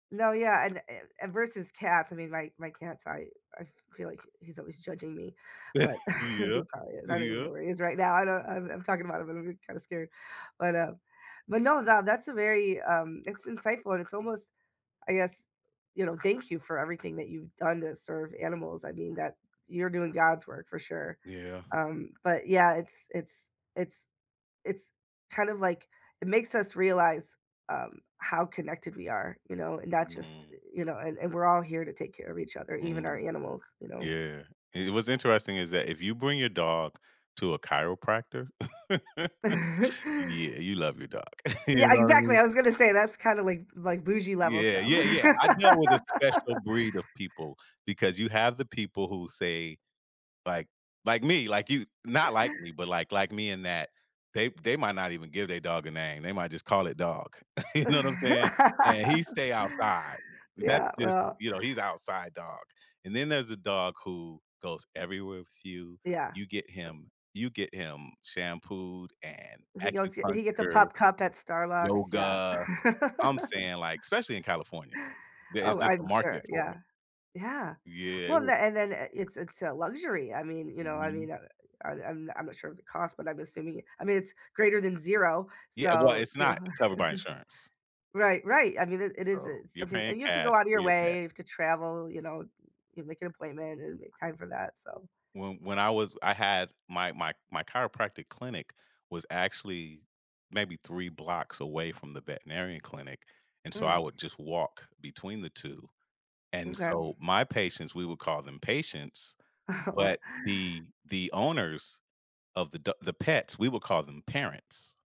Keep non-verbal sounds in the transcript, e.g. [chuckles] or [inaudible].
No, yeah, and, eh, and versus cats, I mean, my my cats, I I feel like he's always judging me, but [chuckles] [chuckles] Yeah. he probably is. I don't even know Yeah. where he is right now. I don't I'm I'm talking about him, and I'm kind of scared, but uh but no, that that's a very, um, it's insightful, and it's almost, I guess you know, thank you for everything that you've done to serve animals. I mean, that you're doing God's work for sure, Yeah. um, but yeah, it's it's it's it's kind of like, it makes us realize, um, how connected we are, you know, and that's just, Mhm. you know and we're all here to take care of each other, even our Mm. animals, you know? Yeah, and what's interesting is that if you bring your dog to a chiropractor [laughs] yeah, [chuckles] you love your dog. Yeah, exactly. [chuckles] I was gonna say that's kind of like like bougie level Yeah. stuff. Yeah. Yeah. I deal with a [laughs] special breed of people because you have the people who say like like me, like you not like me, [chuckles] but like like me in that they they might not even give their dog a name. They might just call it "dog". [chuckles] You know what I'm saying? And he [laughs] stay outside. That's Yeah, just well. you know, he's outside dog. And then there's a dog who goes everywhere with you. Yeah. You get him you get him shampooed and He goes, yeah, he gets a acupuncture, Pup Cup at Starbucks. Yeah. yoga. I'm [laughs] saying, like, especially in California, there is Oh, just a I'm sure, market for it. yeah. Yeah. Yeah, I Well, would. then and then it's it's a luxury. I mean, you know, I Mhm. mean, I'm I'm I'm not sure of the cost, but I'm assuming, I mean, it's greater than 0, Yeah. Well, so, it's you know? not covered by insurance. [chuckles] Right, right. I mean, it it is So, it's you're something and paying you have to cash go out of for your your pet. way to travel, you know, you make an appointment and make time for that. So When when I was I had my my my chiropractic clinic was actually maybe three blocks away from the veterinarian clinic, and so I Mm. would just walk between the two, and Okay. so my patients, we would call them patients, Aw. but the the owners of the do the pets, we would call them parents.